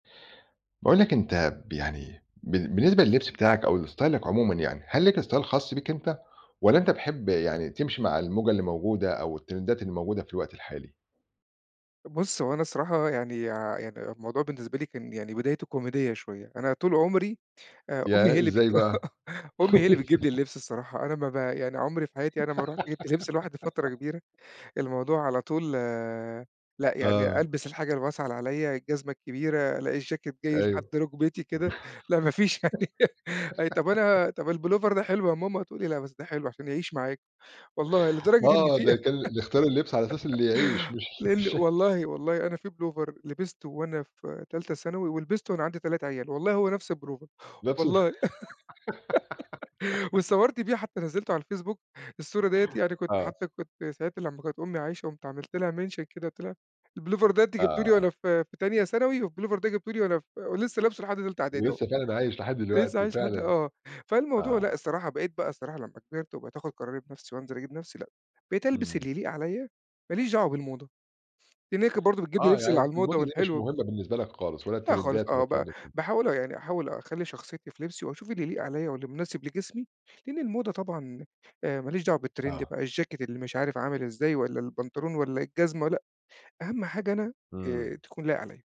باقول لك أنت ب يعني بال بالنسبة لِلّبس بتاعك أو لإستايلك عمومًا يعني، هل ليك style خاص بيك أنت، والّا أنت بتحب يعني تمشِي مع الموجة اللي الموجودة أو التريندات اللي موجودة في الوقت الحالي؟ بُصّ، هو أنا الصراحة يعني، يع يعني أنا الموضوع بالنسبة لي كان يعني بدايته كوميدية شوية، أنا طُول عُمري آآ، أمّي ياه! هي اللي بتج إزاي بقى؟ أمي هي اللي بتجيب لي اللِبس الصراحة، أنا ما ب يعني عُمري في حياتي أنا ما رُحت جِبت لِبس لوحدي فترة كبيرة، الموضوع على طول آآ، لأ يعني آه. ألبِس الحاجة الواسعة اللي عليَّ، الجزمة الكبيرة، لأ الجاكيت جاي لحد أيوه. رُكبتي كده، لأ ما فيش أي طَب أنا طَب البلوفر ده حلو يا ماما، تقول لي: "لأ، بس ده حلو عشان يعيش معاك." والله لدرجة إن آه، ده في كان ال ال اختيار اللبس على أساس اللي يعيش مش لإن بالشكل. والله، والله أنا في بلوفر لبِسته وأنا في تالتة ثانوي ولبِسته وأنا عندي 3 عيال والله، هو نفْس البلوفر نفْس الب والله. واتصوّرت بيه حتى نزّلته على الفيسبوك، الصورة دِيّة يعني كنت آه. حتى كنت ساعتها لمّا كانت أمي عايشة قُمت عملت لها mention كده قُلت لها: "البلوفر ده أنتِ جبتيه ليَّ آه. وأنا في في تانية ثانوي والبلوفر ده جبتيه لي وأنا ف ولسه لابسُه لحد تالتة إعدادي أهو." ولسه فعلًا عايش لحد لسه دلوقتي، عايش لحد فعلًا! آه، فالموضوع لأ، آه. الصراحة بقيت بقى الصراحة لمّا كِبِرت وبقيت آخُد قراري بنفْسي وانزِل أجيب لنفْسي لأ، بقيت ألبِس إمم. اللي يليق عليَّ ما ليش دعوة بالموضة، لإن هي كانت برضه بتجيب لي آه لِبس يعني اللي الم على الموضة الموضة دي مش والحلو مُهمة بالنسبة لك خالص، ولا لأ خالص، التريندات ولا آه الكلام ب ده كلّه. باحاول أهو يعني أحاول أخلّي شخصيتي في لِبسي واشوف اللي يليق عليَّ واللي مناسب لجسمي، لإن الموضة طبعًا آآ ما ليش دعوة بالتريند آه. بقى الجاكيت اللي مش عارف عامل إزاي والّا البنطلون والّا الجزمة، لأ، أهم حاجة أنا إمم. آآ، تكون لايق عليَّ.